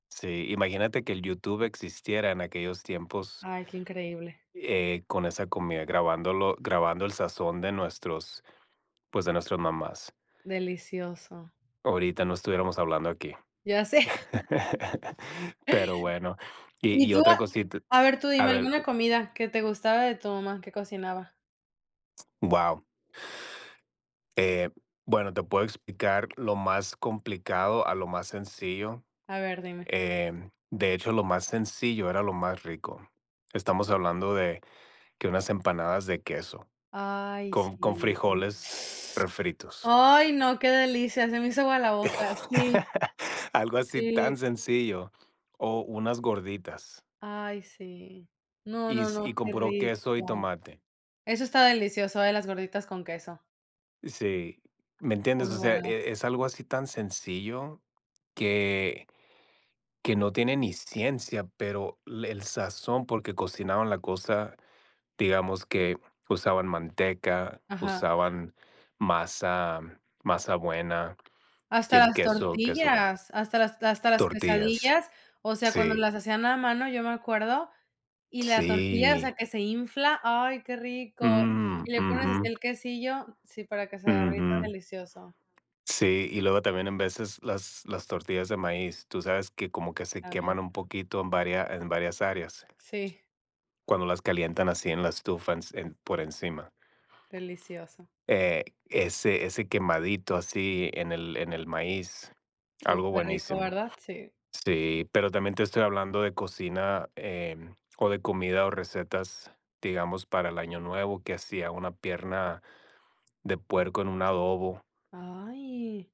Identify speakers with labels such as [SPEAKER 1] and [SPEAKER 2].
[SPEAKER 1] Sí, imagínate que el YouTube existiera en aquellos tiempos
[SPEAKER 2] Ay, qué increíble.
[SPEAKER 1] eh, con esa comida grabándolo grabando el sazón de nuestros, pues, de nuestras mamás.
[SPEAKER 2] Delicioso.
[SPEAKER 1] Ahorita no estuviéramos hablando aquí.
[SPEAKER 2] Ya sé.
[SPEAKER 1] Pero bueno, y
[SPEAKER 2] Y
[SPEAKER 1] y
[SPEAKER 2] yo,
[SPEAKER 1] otra
[SPEAKER 2] a
[SPEAKER 1] cosita
[SPEAKER 2] a ver, tú
[SPEAKER 1] a
[SPEAKER 2] dime
[SPEAKER 1] ver
[SPEAKER 2] alguna comida que te gustaba de tu mamá que cocinaba.
[SPEAKER 1] Guau. Eh, bueno, te puedo explicar lo más complicado, a lo más sencillo.
[SPEAKER 2] A ver, dime.
[SPEAKER 1] Eh, de hecho, lo más sencillo era lo más rico. Estamos hablando de que unas empanadas de queso
[SPEAKER 2] Ay,
[SPEAKER 1] con con
[SPEAKER 2] sí.
[SPEAKER 1] frijoles refritos.
[SPEAKER 2] Ay, no, qué delicia, se me hizo agua la boca. Sí.
[SPEAKER 1] Algo así
[SPEAKER 2] Sí.
[SPEAKER 1] tan sencillo o unas gorditas.
[SPEAKER 2] Ay, sí. No,
[SPEAKER 1] Y
[SPEAKER 2] no,
[SPEAKER 1] s y
[SPEAKER 2] no,
[SPEAKER 1] con
[SPEAKER 2] qué
[SPEAKER 1] puro queso y
[SPEAKER 2] rico.
[SPEAKER 1] tomate.
[SPEAKER 2] Eso está delicioso, ¿eh?, las gorditas con queso.
[SPEAKER 1] Sí, ¿me entiendes?
[SPEAKER 2] Muy
[SPEAKER 1] O sea,
[SPEAKER 2] bueno.
[SPEAKER 1] eh, es algo así tan sencillo que que no tiene ni ciencia, pero el sazón, porque cocinaban la cosa, digamos que usaban manteca,
[SPEAKER 2] Ajá.
[SPEAKER 1] usaban masa, masa buena y
[SPEAKER 2] Hasta
[SPEAKER 1] el
[SPEAKER 2] las
[SPEAKER 1] queso, queso bueno,
[SPEAKER 2] tortillas, hasta las hasta las
[SPEAKER 1] tortillas,
[SPEAKER 2] quesadillas. O sea, cuando
[SPEAKER 1] sí.
[SPEAKER 2] las hacían a mano, yo me acuerdo. Y la tortilla, o sea,
[SPEAKER 1] Sí.
[SPEAKER 2] que se infla. Ay, qué rico.
[SPEAKER 1] Mm,
[SPEAKER 2] Y le pones
[SPEAKER 1] ujú.
[SPEAKER 2] el así quesillo sí, para que se derrita.
[SPEAKER 1] Ujú.
[SPEAKER 2] Delicioso.
[SPEAKER 1] Sí, y luego también en veces las las tortillas de maíz, tú sabes que como que se
[SPEAKER 2] También.
[SPEAKER 1] queman un poquito en varia en varias áreas
[SPEAKER 2] Sí.
[SPEAKER 1] Cuando las calientan así en la estufa, ens por encima.
[SPEAKER 2] Delicioso.
[SPEAKER 1] Eh, ese ese quemadito así en el en el maíz, algo
[SPEAKER 2] Superrico,
[SPEAKER 1] buenísimo.
[SPEAKER 2] ¿verdad? Sí.
[SPEAKER 1] Sí, pero también te estoy hablando de cocina, eh, o de comida o recetas, digamos, para el año nuevo, que hacía una pierna de puerco en un adobo.
[SPEAKER 2] Ay.